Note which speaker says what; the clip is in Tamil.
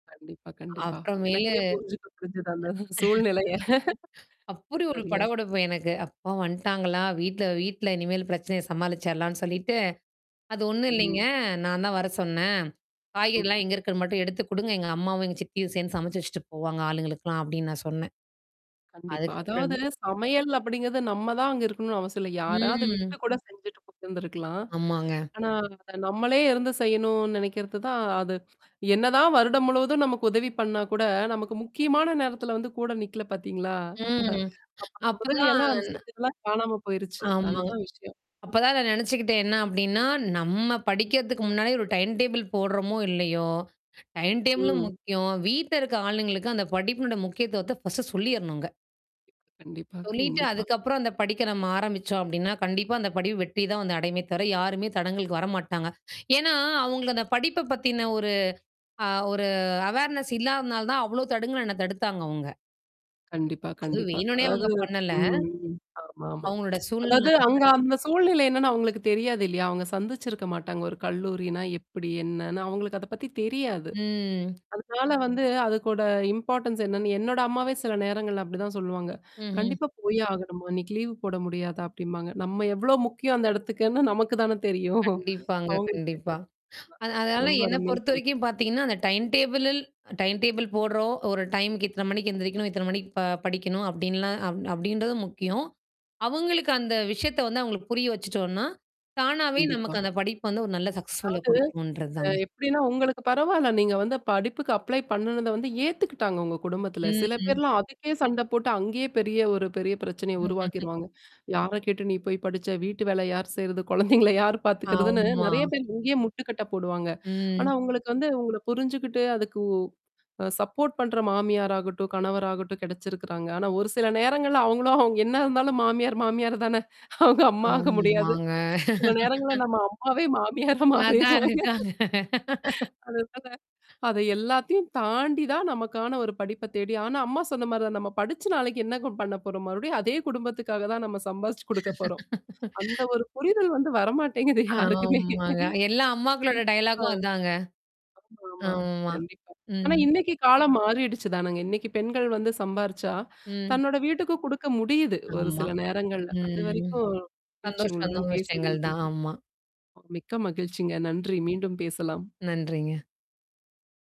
Speaker 1: கண்டிப்பா, கண்டிப்பா.
Speaker 2: அப்புறமேலு
Speaker 1: எனக்கே புரிஞ்சுக்கு புரிஞ்சுது அந்த சூழ்நிலைய.
Speaker 2: அப்புடி ஒரு
Speaker 1: சரியா சொன்
Speaker 2: படபடப்பு எனக்கு. அப்பா வந்துட்டாங்களா வீட்ல வீட்ல இனிமேல் பிரச்சனைய சமாளிச்சரலான்னு சொல்லிட்டு அது ஒண்ணும் இல்லீங்க.
Speaker 1: ம்.
Speaker 2: நான் தான் வர சொன்னேன்.
Speaker 1: ம்.
Speaker 2: காய்கறிலாம் எங்க இருக்கறது மட்டும் எடுத்து குடுங்க. எங்க அம்மாவும், எங்க சித்தியும் சேர்ந்து சமைச்சு வச்சுட்டு போவாங்க, ஆளுங்களுக்கெல்லாம் அப்படின்னு நான் சொன்னேன்.
Speaker 1: கண்டிப்பா. அதாவது
Speaker 2: அதுக்கப்புறமே
Speaker 1: சமையல் அப்படிங்கிறது நம்ம தான் அங்க இருக்கணும்னு அவசியம் இல்ல. யாராவத விட்டு
Speaker 2: ம்.
Speaker 1: கூட செஞ்சுட்டு போயிருந்துருக்கலாம்.
Speaker 2: ஆமாங்க.
Speaker 1: ஆனா அத நம்மளே இருந்து செய்யணும்னு நினைக்கிறது தான் அது என்னதான் வருடம் முழுவதும் நமக்கு உதவி பண்ணா கூட நமக்கு முக்கியமான நேரத்தில வந்து கூட நிக்கல பார்த்தீங்களா?
Speaker 2: ம்.
Speaker 1: அப்ப அந்த உதவி எல்லாம் அந்த
Speaker 2: அப்பதான்
Speaker 1: செஞ்சதெல்லாம் காணாம போயிருச்சு.
Speaker 2: ஆமா.
Speaker 1: அதுதான் விஷயம்.
Speaker 2: அப்பதான் நான் நெனச்சுக்கிட்டேன் என்ன அப்டின்னா, நம்ம படிக்கிறதுக்கு முன்னாடி ஒரு டைம் டேபிள் போடுறோமோ இல்லையோ, டைம் டேபிளும்
Speaker 1: ம்.
Speaker 2: முக்கியம். வீட்ல இருக்க ஆளுங்களுக்கு அந்த படிப்பினுட முக்கியத்துவத்த ஃபர்ஸ்ட்டு சொல்லிறணுங்க.
Speaker 1: கண்டிப்பா
Speaker 2: சொல்லிட்டு
Speaker 1: கண்டிப்பா.
Speaker 2: அதுக்கப்புறம் அந்த படிக்க நம்ம ஆரம்பிச்சோம் அப்படின்னா, கண்டிப்பா அந்த படிப்பு வெற்றி தான் வந்து அடைமையுமே தவிர. யாருமே தடங்குலுக்கு வரமாட்டாங்க. ஏன்னா, அவங்களுக்கு அந்த படிப்ப பத்தின ஒரு அ ஒரு அவேர்னஸ் இல்லாதனால தான் அவ்ளோ தடுங்குற என்ன தடுத்தாங்க அவங்க.
Speaker 1: கண்டிப்பா,
Speaker 2: அது
Speaker 1: கண்டிப்பா.
Speaker 2: வேணுனே
Speaker 1: அதாவது
Speaker 2: அவங்க பண்ணல.
Speaker 1: ம். ம். ஆமாமா.
Speaker 2: அவங்களோட சூழ்நிலை
Speaker 1: அதாவது
Speaker 2: அந்த
Speaker 1: அங்க
Speaker 2: மாரி.
Speaker 1: அந்த சூழ்நிலை என்னன்னா அவங்களுக்கு தெரியாது இல்லையா? அவங்க சந்திச்சிருக்க மாட்டாங்க. ஒரு கல்லூரினா, எப்படி என்னன்னு அவங்களுக்கு அத பத்தி தெரியாது.
Speaker 2: ம்.
Speaker 1: அதனால வந்து அதுக்கோட இம்பார்ட்டன்ஸ் என்னன்னு என்னோட அம்மாவே சில நேரங்கள்ல அப்படிதான் சொல்லுவாங்க.
Speaker 2: ம்ஹம்.
Speaker 1: கண்டிப்பா போயே ஆகணுமா? இன்னைக்கு லீவ் போட முடியாதா அப்டிம்பாங்க. நம்ம எவ்ளோ முக்கியம் அந்த இடத்துக்குன்னு நமக்கு தானே தெரியும்.
Speaker 2: கண்டிப்பாங்க,
Speaker 1: அவங்களுக்கு
Speaker 2: கண்டிப்பா.
Speaker 1: தெரியாது. ஆமா.
Speaker 2: அது அதனால
Speaker 1: ரொம்ப
Speaker 2: என்ன
Speaker 1: அருமையா சொன்னீங்க.
Speaker 2: பொறுத்தவரைக்கும் பார்த்தீங்கன்னா, அந்த டைம் டேபிள்ல டைம் டேபிள் போடுறோம், ஒரு டைமுக்கு இத்தன மணிக்கு எந்திரிக்கணும், இத்தன மணிக்கு ப படிக்கணும் அப்படின்லாம் அப் அப்படின்றதும் முக்கியம். அங்களுக்கு அந்த விஷயத்த வந்து அங்களுக்கு புரிய வச்சுட்டோம்னா. தானாவே
Speaker 1: கண்டிப்பா.
Speaker 2: நமக்கு அந்த படிப்பு வந்து ஒரு நல்ல சக்சஸ்ஃபுல்லா
Speaker 1: அதாது.
Speaker 2: குடுக்குன்றது
Speaker 1: அ
Speaker 2: தாங்க.
Speaker 1: எப்படின்னா உங்களுக்கு பரவால்ல. நீங்க வந்து படிப்புக்கு அப்ளை பண்ணனத வந்து ஏத்துக்கிட்டாங்க உங்க குடும்பத்தில. சில
Speaker 2: ம்.
Speaker 1: பேர்லாம் அதுக்கே சண்ட போட்டு அங்கேயே பெரிய ஒரு பெரிய பிரச்சனைய உருவாக்கிருவாங்க. "யார கேட்டு நீ போய் படிச்ச வீட்டு வேல யார் செய்றது, குழந்தைங்கள யார் பார்த்தக்கறிறதுன்னு?"
Speaker 2: ஆமா.
Speaker 1: நெறைய பேர் இங்கேயே முட்டுக்கட்டை போடுவாங்க. ஆனா
Speaker 2: ம்.
Speaker 1: உங்களுக்கு வந்து உங்கள புரிஞ்சுகிட்டு அதுக்கு அ சப்போர்ட் பண்ற மாமியாராகட்டும், கணவராகட்டும் கிடைச்சிருக்கறாங்க. ஆனா, ஒரு சில நேரங்கள்ல அவங்களும் அவங்க என்ன இருந்தாலும் மாமியார் மாமியார் தான, அவங்க அம்மாக முடியாது.
Speaker 2: ஆமாங்க.
Speaker 1: சில நேரங்கள்ல நம்ம அம்மாவே மாமியார
Speaker 2: அதான்
Speaker 1: மாறிருவாங்க.
Speaker 2: அதுதான்
Speaker 1: அதனால, அத எல்லாத்தையும் தாண்டி தான் நமக்கான ஒரு படிப்ப தேடி ஆனா, அம்மா சொன்ன மாரி தான் நம்ம படிச்ச நாளைக்கு என்னங்க பண்ண போறோம்? மறுபடியும் அதே குடும்பத்துக்காக தான் நம்ம சம்பாரிச்சு குடுக்க போறோம். அந்த ஒரு புரிதல் வந்து வரமாட்டேங்குது யாருக்குமே.
Speaker 2: ஆமாங்க. எல்லா அம்மாக்களோட
Speaker 1: ஆ.
Speaker 2: டயலாக்கும் அதாங்க.
Speaker 1: ஆமா ஆமா.
Speaker 2: ஆமா.
Speaker 1: கண்டிப்பா. ஆனா,
Speaker 2: ம்.
Speaker 1: இன்னைக்கு காலம் மாறிடுச்சு தானுங்க. இன்னைக்கு பெண்கள் வந்து சம்பாரிச்சா,
Speaker 2: ம்.
Speaker 1: தன்னோட வீட்டுக்கு குடுக்க முடியுது. ஒரு
Speaker 2: ஆமா.
Speaker 1: சில நேரங்கள்ல.
Speaker 2: ம்.
Speaker 1: அதுவரைக்கும் மகிழ்ச்சி
Speaker 2: சந்தோஷம்,
Speaker 1: உங்களுடன்
Speaker 2: நல்ல
Speaker 1: பேசியதில்.
Speaker 2: விஷயங்கள் தான். ஆமா.
Speaker 1: மிக்க மகிழ்ச்சிங்க. நன்றி. மீண்டும் பேசலாம்.
Speaker 2: நன்றிங்க.